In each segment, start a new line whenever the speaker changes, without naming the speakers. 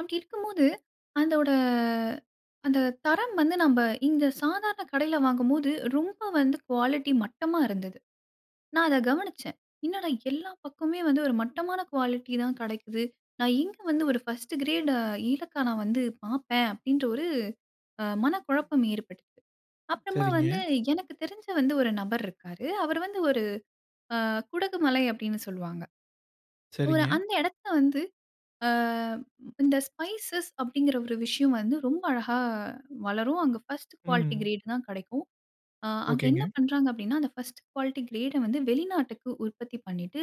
அப்டி இருக்கும்போது, அந்தோட அந்த தரம் வந்து நம்ப இந்த சாதாரண கடையில வாங்கும்போது ரொம்ப வந்து குவாலிட்டி மட்டமா இருந்தது. நான் அத கவனிச்சேன். "என்னடா எல்லா பக்கமுமே வந்து ஒரு மட்டமான குவாலிட்டி தான் கிடைக்குது. நான் இங்க வந்து ஒரு ஃபர்ஸ்ட்டு கிரேடு ஏலக்கா நான் வந்து பாப்பேன்" அப்டின்ற ஒரு மனக்குழப்பம் ஏற்பட்டுது. அப்புறமா வந்து,
சரிங்க.
எனக்கு தெரிஞ்ச வந்து ஒரு நபர் இருக்காரு, அவரு வந்து ஒரு அ "குடகு மலை" அப்டின்னு சொல்லுவாங்க. ஒரு
சரிங்க.
அந்த எடத்துல வந்து ஆ இந்த "ஸ்பைசஸ்" அப்படிங்கிற ஒரு விஷயம் வந்து ரொம்ப அழகா வளரும். அங்க ஃபர்ஸ்ட்
ம்
குவாலிட்டி
ம்.
கிரேட் தான் கிடைக்கும். அ அங்க என்ன
ஒகேங்க.
பண்றாங்க அப்டின்னா, அந்த ஃபர்ஸ்ட்டு குவாலிட்டி கிரேட வந்து, வெளிநாட்டுக்கு உற்பத்தி பண்ணிட்டு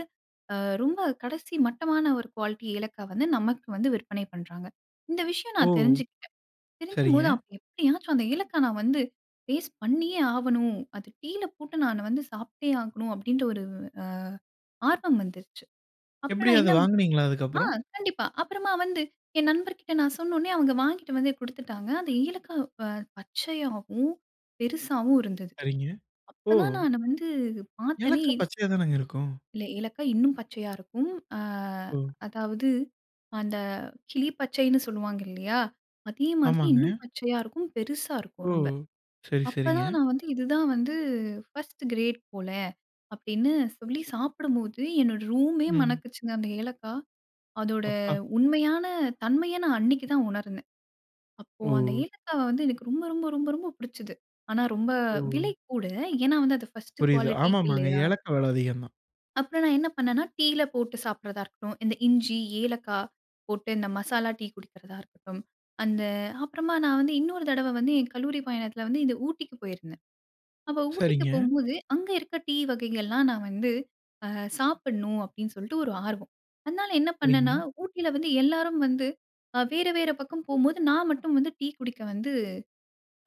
அ ரொம்ப கடைசி மட்டமான ஒரு குவாலிட்டி ஏலக்கா வந்து, நமக்கு வந்து விற்பனை பண்ணுறாங்க. இந்த விஷயம்
ஓ!
நான் தெரிஞ்சுக்கிட்டேன்.
சரிங்க.
தெரிஞ்சும்போது அப்போ எப்படியாச்சும் அந்த ஏலக்காய் நான் வந்து, டேஸ்ட் பண்ணியே ஆவணும். அது டீல போட்டு நானு வந்து சாப்ட்டே ஆகணும் அப்டின்ற ஒரு ஆ ஆர்வம் வந்துருச்சு. அப்புறம்
எப்டி
நான்
அது
என்ன
வாங்குனீங்களா
ஆ
அதுக்கப்புறம்?
கண்டிப்பா. அப்புறமா வந்து என் நண்பர்கிட்ட நான் சொன்னவுன்னே, அவுங்க வாங்கிட்டு வந்து குடுத்துட்டாங்க. அந்த ஏலக்காய் அ பச்சையாவும், பெருசாவும் இருந்தது.
சரிங்க, ஓ!
அப்போதான் நான் அத வந்து பாத்தனே!
ஏலக்கா பச்சையா தானேங்க இருக்கும்?
இல்ல ஏலக்காய் இன்னும் பச்சையா இருக்கும். அ
ஒ!
அதாவது அந்த கிளி பச்சைன்னு சொல்லுவாங்க இல்லையா? அதே மாதிரி இன்னும்
ஆமாங்க.
பச்சையா இருக்கும், பெருசா இருக்கும்.
ஓ!
ரொம்ப.
சரி
அப்போ
சரிங்க.
தான் நான் வந்து இதுதான் வந்து ஃபர்ஸ்ட் கிரேட் போல! அப்டின்னு சொல்லி சாப்பிடும்போது, என்னோட ரூமே
ம்.
மணக்குச்சுங்க அந்த ஏலக்கா. அதோட
அப்பா!
உண்மையான தன்மைய நான் அன்னைக்கு தான் உணர்ந்தேன். அப்போ அந்த
ஓ!
ஏலக்காவை வந்து, எனக்கு ரொம்ப ரொம்ப ரொம்ப ரொம்ப புடிச்சது. ஆனா ரொம்ப
ஒ.
விலை கூட. ஏன்னா வந்து அது ஃபர்ஸ்ட்டு
புரியுது
குவாலிட்டி
ஆமாமாங்க,
இல்லையா!
ஏலக்காய் விலை அதிகம் தான்.
அப்புறம் நான் என்ன பண்ணேன்னா, டீல போட்டு சாப்பிடறதா இருக்கட்டும், இந்த இஞ்சி, ஏலக்கா போட்டு இந்த மசாலா டீ குடிக்கிறதா இருக்கட்டும், அந்த அப்புறமா நான் வந்து இன்னொரு தடவ வந்து என் கல்லூரி பயணத்தில வந்து இந்த ஊட்டிக்கு போயிருந்தேன். அப்போ ஊட்டிக்கு
சரிங்க.
போம்போது, "அங்க இருக்க டீ வகைகள்லாம் நான் வந்து, அ சாப்பிடணும்" அப்டின்னு சொல்ட்டு ஒரு ஆர்வம் அதனால என்ன பண்ணேன்னா,
சரிங்க.
ஊட்டில வந்து எல்லாரும் வந்து அ வேற வேற பக்கம் போம்போது நான் மட்டும் வந்து டீ குடிக்க வந்து,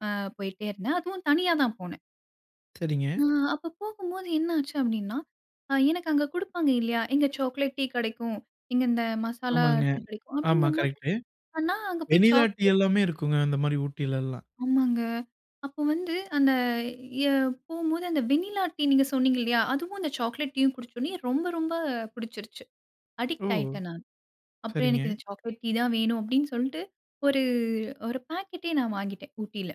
அ போயிட்டே இருந்தேன். அதுவும் தனியா தான் போனேன்.
சரிங்க.
ஆ அப்போ போகும்போது என்ன ஆச்சு அப்படின்னா, அ எனக்கு அங்க குடுப்பாங்க இல்லையா, "இங்க சாக்லேட் டீ கிடைக்கும். இங்க இந்த மசாலா
ஆமாங்க.
டீ கிடைக்கும்."
ஆமா,
அப்டிங்கும்போது,
கரெக்ட்டு.
நான் அங்கே போய்
வெண்ணிலா டீ
சாக்லேட்
எல்லாமே இருக்குங்க, இந்த மாரி ஊட்டிலலாம்.
ஆமாங்க. அப்போ வந்து அந்த எ போம்போது, அந்த வென்னிலா டீ நீங்க சொன்னீங்க இல்லையா, அதுவும் அந்த சாக்லேட் டீயும் குடிச்சோன்னே, ரொம்ப ரொம்ப பிடிச்சிருச்சு.
ஓ!
அடிக்ட் ஆயிட்டேன் நானு. அப்புறம் "எனக்கு
சரிங்க.
இந்த சாக்லேட் டீ தான் வேணும்" அப்படின்னு சொல்ட்டு, ஒரு 1 பாக்கெட்டே நான் வாங்கிட்டேன் ஊட்டில.